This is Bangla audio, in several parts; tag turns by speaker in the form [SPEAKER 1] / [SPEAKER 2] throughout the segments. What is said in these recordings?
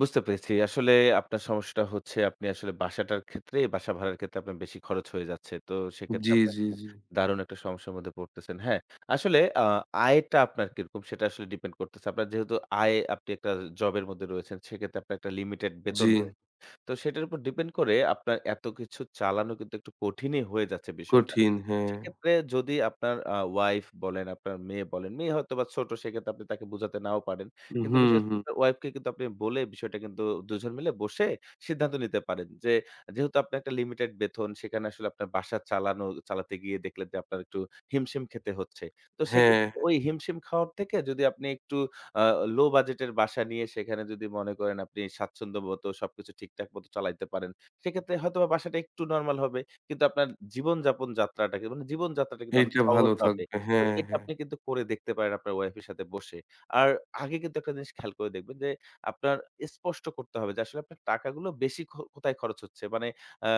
[SPEAKER 1] বুঝতে পেরেছি। আসলে আপনার সমস্যাটা হচ্ছে আপনি আসলে বাসাটার ক্ষেত্রে, বাসা ভাড়ার ক্ষেত্রে আপনার বেশি খরচ হয়ে যাচ্ছে। তো, সেক্ষেত্রে
[SPEAKER 2] জ্বী,
[SPEAKER 1] আপনার
[SPEAKER 2] জ্বী, জ্বী,
[SPEAKER 1] দারুণ একটা সমস্যার মধ্যে পড়তেছেন। হ্যাঁ? আসলে আ আয়টা আপনার কিরকম সেটা আসলে depend করতেছে। আপনার যেহেতু আয় আপনি একটা জব এর মধ্যে রয়েছেন, সেক্ষেত্রে আপনার একটা limited বেতন
[SPEAKER 2] জ্বী।
[SPEAKER 1] রয়েছে। তো, সেটার উপর depend করে আপনার এত কিছু চালানো কিন্তু একটু কঠিনই হয়ে যাচ্ছে বিষয়টা।
[SPEAKER 2] কঠিন। হ্যাঁ।
[SPEAKER 1] সেক্ষেত্রে যদি আপনার আ wife বলেন, আপনার মেয়ে বলেন, মেয়ে হয়তো বা ছোট সেক্ষেত্রে আপনি তাকে বুঝাতে নাও পারেন।
[SPEAKER 2] হুম,
[SPEAKER 1] কিন্তু
[SPEAKER 2] হুম।
[SPEAKER 1] [unintelligible] wife কে আপনি বলে বিষয়টা কিন্তু 2 জন মিলে বসে সিদ্ধান্ত নিতে পারেন যে, যেহেতু আপনার একটা limited বেতন সেখানে আসলে আপনার বাসা চালানো চালাতে গিয়ে দেখলেন যে, আপনার একটু হিমশিম খেতে হচ্ছে। তো,
[SPEAKER 2] হ্যাঁ,
[SPEAKER 1] সেক্ষেত্রে
[SPEAKER 2] হ্যাঁ।
[SPEAKER 1] ওই হিমশিম খাওয়ার থেকে যদি আপনি একটু আ low budget এর বাসা নিয়ে সেখানে যদি মনে করেন আপনি স্বাচ্ছন্দ্যমত সবকিছু ঠিকঠাক মতো চালাইতে পারেন, সেক্ষেত্রে হয়তোবা বাসাটা একটু normal হবে কিন্তু আপনার জীবনযাপন যাত্রাটা, জীবন যাত্রাটা কিন্তু অনেক
[SPEAKER 2] এইটা ভালো
[SPEAKER 1] সহজ হবে।
[SPEAKER 2] থাকবে,
[SPEAKER 1] তো
[SPEAKER 2] হ্যাঁ,
[SPEAKER 1] এটা
[SPEAKER 2] হ্যাঁ।
[SPEAKER 1] আপনি কিন্তু করে দেখতে পারেন আপনার wife এর সাথে বসে। আর আগে কিন্তু একটা জিনিস খেয়াল করে দেখবেন যে, আপনার স্পষ্ট করতে হবে যে, আসলে আপনার টাকাগুলো বেশি খ কোথায় খরচ হচ্ছে? মানে আ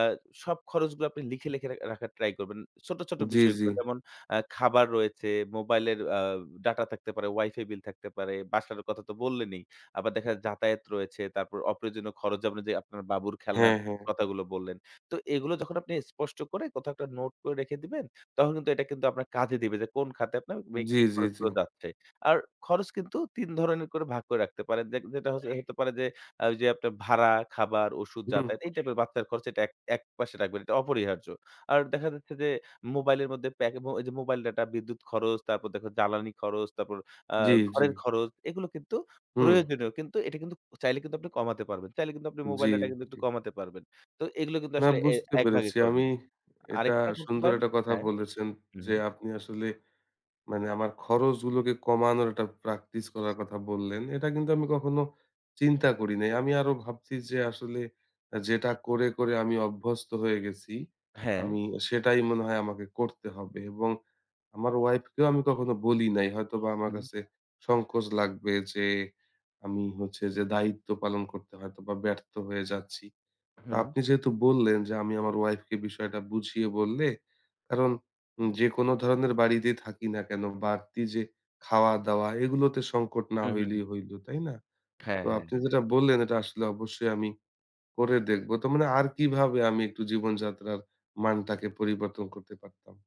[SPEAKER 1] সব খরচগুলো আপনি লিখে, লিখে রা রাখার try করবেন। ছোট, ছোট
[SPEAKER 2] জ্বি, জ্বি।
[SPEAKER 1] বিষয়গুলো যেমন, আ খাবার রয়েছে, মোবাইলের আ data থাকতে পারে, WIFI বিল থাকতে পারে, বাসার কথা তো বললেনই। আবার দেখা যাতায়াত রয়েছে, তারপর অপ্রয়োজনীয় খরচ যেমন যে, আপনার বাবুর খেলনার
[SPEAKER 2] হ্যাঁ, হ্যাঁ।
[SPEAKER 1] কথাগুলো বললেন। তো, এগুলো যখন আপনি স্পষ্ট করে কোথাও একটা নোট করে রেখে দিবেন, তখন কিন্তু এটা কিন্তু আপনার কাজে দিবে যে, কোন খাতে আপনার বা
[SPEAKER 2] জি,
[SPEAKER 1] কি
[SPEAKER 2] জি, জি।
[SPEAKER 1] খরচগুলো যাচ্ছে। আর খরচ কিন্তু ৩ ধরনের করে ভাগ করে রাখতে পারেন। দেখ যেটা হচ্ছে হতে পারে যে, ওইযে আপনার ভাড়া, খাবার, ওষুধ,
[SPEAKER 2] হুম,
[SPEAKER 1] যাতায়াত
[SPEAKER 2] হুম।
[SPEAKER 1] এই টাইপের বাচ্চার খরচ এটা এক একপাশে রাখবেন। এটা অপরিহার্য। আর দেখা যাচ্ছে যে, মোবাইলের মধ্যে, যে, প্যাকমো mobile data বিদ্যুৎ খরচ, তারপর দেখেন জ্বালানি খরচ, তারপর আ
[SPEAKER 2] জ্বী, জ্বী।
[SPEAKER 1] ঘরের খরচ এগুলো কিন্তু
[SPEAKER 2] হুম।
[SPEAKER 1] প্রয়োজনীয় কিন্তু এটা কিন্তু চাইলে কিন্তু আপনি কমাতে পারবেন। চাইলে কিন্তু আপনি mobile
[SPEAKER 2] জ্বী,
[SPEAKER 1] data কিন্তু একটু
[SPEAKER 2] জ্বী।
[SPEAKER 1] কমাতে পারবেন। তো এগুলো কিন্তু
[SPEAKER 2] না,
[SPEAKER 1] আসলে এ
[SPEAKER 2] বুঝতে
[SPEAKER 1] একভাগ
[SPEAKER 2] পেরেছি। আমি
[SPEAKER 1] করবেন।
[SPEAKER 2] এটা
[SPEAKER 1] আরেকটা করতে
[SPEAKER 2] সুন্দর
[SPEAKER 1] পারেন
[SPEAKER 2] একটা কথা
[SPEAKER 1] হ্যাঁ।
[SPEAKER 2] বলেছেন
[SPEAKER 1] হু,
[SPEAKER 2] যে,
[SPEAKER 1] হুম।
[SPEAKER 2] আপনি আসলে মানে আমার খরচগুলোকে কমানোর একটা practice করার কথা বললেন। এটা কিন্তু আমি কখনো চিন্তা করি নাই। আমি আরো ভাবছি যে, আসলে যেটা করে, করে আমি অভ্যস্ত হয়ে গেছি
[SPEAKER 1] হ্যাঁ।
[SPEAKER 2] আমি সেটাই মনে হয় আমাকে করতে হবে। এবং আমার wife কেও আমি কখনো বলি নাই। হয়তোবা আমার
[SPEAKER 1] হুম।
[SPEAKER 2] কাছে সংকোচ লাগবে যে, আমি হচ্ছে যে, দায়িত্ব পালন করতে হয়তো বা ব্যর্থ হয়ে যাচ্ছি।
[SPEAKER 1] হুম।
[SPEAKER 2] আপনি যেহেতু বললেন যে, আমি আমার wife কে বিষয়টা বুঝিয়ে বললে, কারণ যেকোন ধরনের বাড়িতে থাকি না কেন বাড়তি যে, খাওয়া দাওয়া এগুলোতে সংকট না
[SPEAKER 1] হুম, হুম, হুম।
[SPEAKER 2] হইলেই হইল, তাই না?
[SPEAKER 1] হ্যাঁ,
[SPEAKER 2] তো
[SPEAKER 1] হ্যাঁ,
[SPEAKER 2] আপনি
[SPEAKER 1] হ্যাঁ।
[SPEAKER 2] যেটা বললেন এটা আসলে অবশ্যই আমি করে দেখব। তো মানে আর কিভাবে আমি একটু জীবনযাত্রার মানটাকে পরিবর্তন করতে পারতাম?